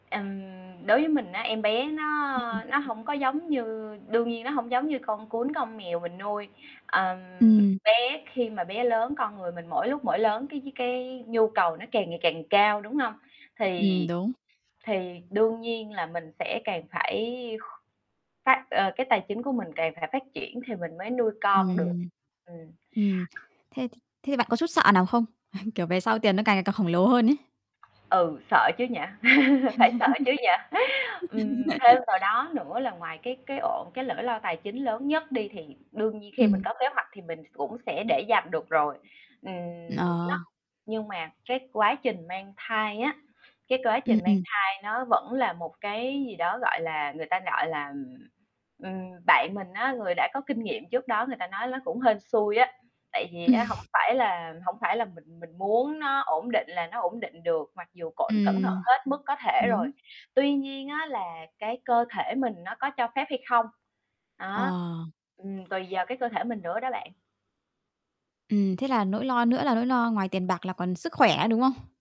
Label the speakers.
Speaker 1: Ừm, đối với mình á em bé nó
Speaker 2: [unintelligible] Ừm.
Speaker 1: nó hông có giống như đương nhiên nó hông giống như con cún, con mèo mình nuôi. Ờm,
Speaker 2: Ừm.
Speaker 1: bé khi mà bé lớn, con người mình mỗi lúc mỗi lớn cái cái nhu cầu nó càng ngày càng cao, đúng hông?
Speaker 2: Ừm,
Speaker 1: Thì
Speaker 2: đúng.
Speaker 1: thì đương nhiên là mình sẽ càng phải phát, ờ, cái tài chính của mình càng phải phát triển thì mình mới nuôi con được.
Speaker 2: Ừm.
Speaker 1: Ừm.
Speaker 2: Ừm, thế thì thế bạn có chút sợ nào không? Kiểu, về sau tiền nó càng ngày càng khổng lồ hơn ấy.
Speaker 1: Ừ, sợ chứ nhỉ, phải sợ chứ nhỉ. Ừm, thêm vào đó nữa là ngoài cái cái ổn cái lỗi lo tài chính lớn nhất đi, thì đương nhiên khi mình
Speaker 2: Ừm.
Speaker 1: có kế hoạch, thì mình cũng sẽ để dành được rồi. Ừm, nó
Speaker 2: Ờ.
Speaker 1: nhưng mà, cái quá trình mang thai á, cái quá
Speaker 2: Ừm,
Speaker 1: trình mang
Speaker 2: ừm.
Speaker 1: thai nó vẫn là một cái gì đó, gọi là, người ta, gọi là ừm, ừm, bạn mình á, người đã có kinh nghiệm trước đó người ta nói ló cũng hên xui á. Tại vì á hổng phải là hổng phải là mình mình muốn nó ổn định là nó ổn định được, mặc dù cộn cẩn thận
Speaker 2: Ừm.
Speaker 1: hết mức có thể rồi,
Speaker 2: Đúng.
Speaker 1: tuy nhiên á là cái cơ thể mình nó có cho phép hay không. Đó,
Speaker 2: Ờ.
Speaker 1: ừm, tùy vào cái cơ thể mình nữa đó bạn.
Speaker 2: Ừm, thế là nỗi lo nữa là nỗi lo ngoài tiền bạc là còn sức khỏe, đúng hông?